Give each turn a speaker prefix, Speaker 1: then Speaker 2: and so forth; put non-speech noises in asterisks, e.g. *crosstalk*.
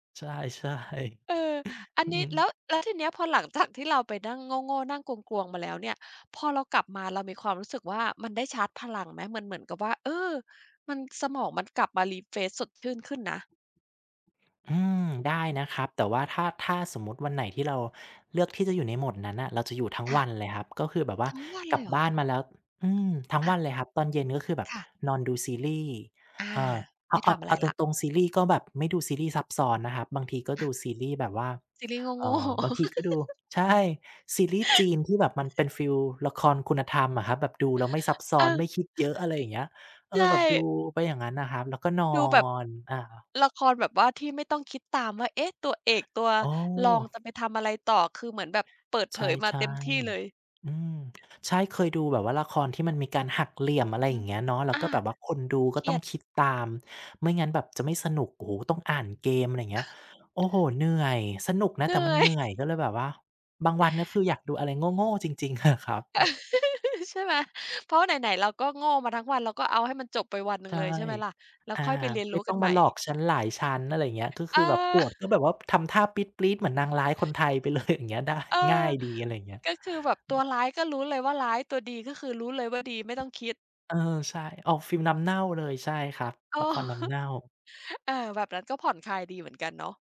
Speaker 1: ใช่
Speaker 2: เออ อัน
Speaker 1: ๆ อื
Speaker 2: นี้ แล้
Speaker 1: ม
Speaker 2: ว แล้วทีเนี้ย พอหลัง จาก ที่เราไปนั่งโง่ ๆ นั่งกลวง ๆ มาแล้วเนี่ย พอเรากลับมา เรามีความรู้สึกว่ามันได้ชาร์จพลังไหม? มันเหมือนกับว่า เออ มัน สมองมันกลับมา refresh สดชื่นขึ้นนะ
Speaker 1: อืม ได้นะครับ แต่ว่าถ้า ถ้าสมมุติวันไหนที่เราเลือกที่จะอยู่ในโหมดนั้นน่ะ เราจะอยู่ทั้ง
Speaker 2: ค่
Speaker 1: ว
Speaker 2: ะ
Speaker 1: ันเลยครับ ก็คือแบบว่า
Speaker 2: ทั้งวัน
Speaker 1: ก
Speaker 2: เ
Speaker 1: ล
Speaker 2: ล
Speaker 1: ับ
Speaker 2: ยเหร
Speaker 1: บ
Speaker 2: อ?
Speaker 1: ้านมาแล้ว อืม ทั้ง
Speaker 2: อ
Speaker 1: ว
Speaker 2: า
Speaker 1: ันเลยครับ ตอนเย็นก็คือแบบ
Speaker 2: ค่ะ
Speaker 1: นอนดูซีรีส์
Speaker 2: อา
Speaker 1: เอ่อ เ
Speaker 2: ไ
Speaker 1: อ
Speaker 2: ม
Speaker 1: า
Speaker 2: ่ท
Speaker 1: ก
Speaker 2: ำอะไ
Speaker 1: เอ
Speaker 2: ร
Speaker 1: าต
Speaker 2: แล้ว
Speaker 1: รง ๆ ซีรีส์ก็แบบไม่ดูซีรีส์ซับซ้อนนะครับ บางทีก็
Speaker 2: อา
Speaker 1: ดูซีรีส์แบบว่า
Speaker 2: ซีรีส์
Speaker 1: เอ
Speaker 2: โง
Speaker 1: ่
Speaker 2: ่ ๆ
Speaker 1: อ บางทีก็ดู
Speaker 2: *laughs*
Speaker 1: ใช่ ซีรีส์จีนที่แบบมันเป็
Speaker 2: *laughs*
Speaker 1: นฟีลละครคุณธรรมอะครับ แบบดูแล้วไม่ซับซ้
Speaker 2: เ
Speaker 1: อน ไ
Speaker 2: ออ
Speaker 1: ม่คิดเยอะ อะไรอย่างเงี้ย เอ่
Speaker 2: ใช
Speaker 1: อ แบบดู
Speaker 2: ่
Speaker 1: ไปอย่างงั้นน่ะครับ แล้วก็นอ
Speaker 2: ดูแบบ
Speaker 1: น อา
Speaker 2: ละครแบบว่าที่ไม่ต้องคิดตามว่า เอ๊ะ ตัวเอก ตัว
Speaker 1: อ๋อ
Speaker 2: รองจะไปทำอะไรต่อ คือเหมือนแบบเปิดเผ
Speaker 1: ใช่
Speaker 2: ยมาเต็มที่เลย
Speaker 1: ๆ อืม ใช่ เคยดูแบบว่าละครที่มันมีการหักเหลี่ยม อ
Speaker 2: อ
Speaker 1: ะ
Speaker 2: ื
Speaker 1: ไร
Speaker 2: อฮ
Speaker 1: อย
Speaker 2: ึ
Speaker 1: ่างเงี้ยเนาะ แล้
Speaker 2: อ
Speaker 1: ว
Speaker 2: า
Speaker 1: ก็แบบว่าคนดู
Speaker 2: เ
Speaker 1: ก
Speaker 2: ค
Speaker 1: ็
Speaker 2: ร
Speaker 1: ต
Speaker 2: ี
Speaker 1: ้อ
Speaker 2: ย
Speaker 1: ง
Speaker 2: ด
Speaker 1: คิดตาม ไม่งั้นแบบจะไม่สนุก โอ้โฮ ต้องอ่านเกม อะไรเงี้ย โอ้โฮ
Speaker 2: *chuckles*
Speaker 1: เหนื่อย สนุกน
Speaker 2: เ
Speaker 1: ะ
Speaker 2: หน
Speaker 1: แต่
Speaker 2: ื่
Speaker 1: มัน
Speaker 2: อ
Speaker 1: เ
Speaker 2: ย
Speaker 1: หนื่
Speaker 2: *chuckles*
Speaker 1: อย ก็เลยแบบว่า บางวันก็คืออยากดูอะไรโง่ ๆ จริง ๆ อะ ครับ อืม
Speaker 2: *laughs* ใช่ไหม เพราะไหน ๆ เราก็โง่มาทั้งวัน เราก็เอาให้มันจบไปวันหนึ
Speaker 1: ใ
Speaker 2: ่
Speaker 1: ช
Speaker 2: ง
Speaker 1: ่
Speaker 2: เลย ใช่ไหมล่ะ แล้ว
Speaker 1: อา
Speaker 2: ค่อยไปเรียน
Speaker 1: ไ
Speaker 2: ร
Speaker 1: ม
Speaker 2: ู
Speaker 1: ่
Speaker 2: ้
Speaker 1: ต
Speaker 2: ก
Speaker 1: ้
Speaker 2: ั
Speaker 1: อ
Speaker 2: น
Speaker 1: ง
Speaker 2: ใ
Speaker 1: ม
Speaker 2: หม
Speaker 1: า
Speaker 2: ่
Speaker 1: หลอกฉันหลายชั้น อะไรอย่างเงี้ย ก็
Speaker 2: เ
Speaker 1: ค
Speaker 2: อ
Speaker 1: ือแบบโก
Speaker 2: อ
Speaker 1: รธ ก็
Speaker 2: *chuckles*
Speaker 1: แบบว่าทำท่าปรี๊ด ๆ เหมือนนางร้ายคนไทย ไปเลย อย่างเงี้ย ได้
Speaker 2: เออ
Speaker 1: ง่ายดี อะไรอย่างเงี้ย
Speaker 2: ก็คือแบบตัวร้ายก็รู้เลยว่าร้าย ตัวดีก็คือรู้เลยว่าดี ไม่ต้อง คิด
Speaker 1: เออ ใช่ ออกฟีลน้ำเน่าเลย ใช่ครับ
Speaker 2: เออ
Speaker 1: ละครน้
Speaker 2: ฮ
Speaker 1: ำเน่า
Speaker 2: เออ แบบนั้นก็ผ่อนคลายดีเหมือนกันเนาะ